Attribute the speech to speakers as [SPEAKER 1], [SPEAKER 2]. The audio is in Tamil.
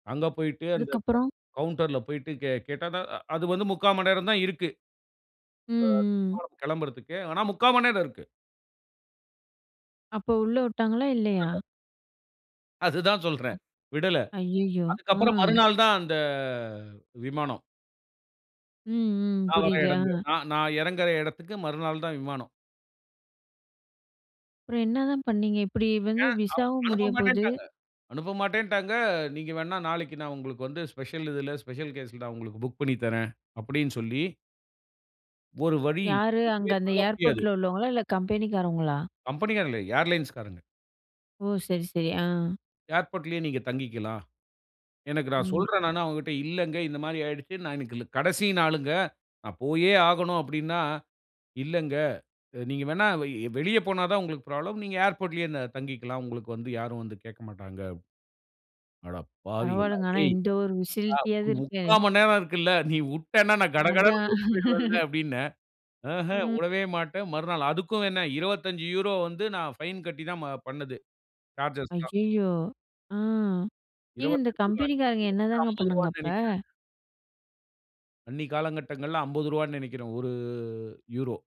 [SPEAKER 1] அங்க போயிட்டு, அந்த க
[SPEAKER 2] அதுக்கப்புறம்.
[SPEAKER 1] கவுன்ட்ர்ல போயிட்டு கே கேட்டா தான். அது வந்து 3/4 மணி நேரம் தான் இருக்கு.
[SPEAKER 2] ம், ம்.
[SPEAKER 1] விமானம் கிளம்புறதுக்கு. ஆனா, 3/4 மணி நேரம் இருக்கு.
[SPEAKER 2] அப்போ, உள்ள விட்டாங்களா இல்லையா?
[SPEAKER 1] விடல. அதுதான் சொல்றேன். விடல.
[SPEAKER 2] ஐயய்யோ! ஆ.
[SPEAKER 1] அதுக்கப்புறம், மறுநாள் தான் அந்த விமானம்.
[SPEAKER 2] ம், ம்.
[SPEAKER 1] நான் வர
[SPEAKER 2] புரியுது,
[SPEAKER 1] இடங்க
[SPEAKER 2] ஆ.
[SPEAKER 1] அ நான் எறங்குகிற இடத்துக்கு மறுநாள் தான் விமானம்.
[SPEAKER 2] அப்புறம் என்னதான் பண்ணீங்க, இப்டி வந்து
[SPEAKER 1] ஏன் அவ
[SPEAKER 2] விசாவும் முடியபோது.
[SPEAKER 1] அனுப்பமாட்டேன்டாங்க அனுப்பமாட்டேன்டாங்க, நீங்க வேண்ணா நாளைக்கு நான் உங்களுக்கு வந்து, ஸ்பெஷல் இதில ஸ்பெஷல் கேஸ்ல நான் உங்களுக்கு புக் பண்ணி தரறேன் அப்டினு சொல்லி ஒரு வழி
[SPEAKER 2] யாரு அங்க,
[SPEAKER 1] எதுமே
[SPEAKER 2] அந்த
[SPEAKER 1] பண்ண முடியாது.
[SPEAKER 2] ஏர்போர்ட்ல உள்ளவங்களா? இல்ல, கம்பெனிக்காரவங்களா?
[SPEAKER 1] கம்பெனிகாரங்க இல்ல, ஏர்லைன்ஸ்காரங்க.
[SPEAKER 2] ஓ! சரி, சரி. ஆ.
[SPEAKER 1] "ஏர்போர்ட்லேயே நீங்க தங்கிக்கிலாம்." எனக்கு நான்
[SPEAKER 2] ம்.
[SPEAKER 1] சொல்றேன் நானு அவங்கள்ட இல்லங்க, இந்த மாரி ஆயிருச்சு. "நான் இன்னைக்கு கடைசி நாளுங்க. நான் போயே ஆகணும்" அப்படினா, "இல்லங்க. "நீங்க வேணா வெளிய போனா தான் உங்களுக்கு ப்ராப்ளம். நீங்க ஏர்போர்ட்லயே தங்கிக்கிலாம். உங்களுக்கு வந்து யாரும் வந்து கேக்கமாட்டாங்க." அடப்பாவிகளா
[SPEAKER 2] பரவால்லங்க. ஆனா,
[SPEAKER 1] டேய்,
[SPEAKER 2] இந்த ஒரு ஃபெசிலிட்டியாவது
[SPEAKER 1] [unintelligible] 3/4
[SPEAKER 2] இருக்கே.
[SPEAKER 1] முக்கா மணி நேரம் இருக்கில்ல. நீ விட்டனா நான் கடகடனு
[SPEAKER 2] அதான்.
[SPEAKER 1] கூட்டி போய்டுவேல்ல அப்படின. ஆஹ,
[SPEAKER 2] ம்.
[SPEAKER 1] உடவே மாட்டேன். மறுநாள் அதுக்கும் என்ன, 25 வந்து நான் ஃபைன் கட்டி தான் பண்ணது சார்ஜ்ஜஸ்ல்லாம்.
[SPEAKER 2] ஐயயோ! ஆ. ஏங்க, இந்த
[SPEAKER 1] 25
[SPEAKER 2] கம்பெனிக்காரங்க
[SPEAKER 1] அன்னைக்கு வந்து
[SPEAKER 2] என்னதாங்க
[SPEAKER 1] ஐம்பது
[SPEAKER 2] பண்ணாங்க
[SPEAKER 1] ரூபாய்னு நினைக்கிறேங்க.
[SPEAKER 2] அப்ப?
[SPEAKER 1] அன்னைக்கு காலகட்டங்கள்ல ரூ.50னு நெனைக்கிறேங்க. 1 யூரோ.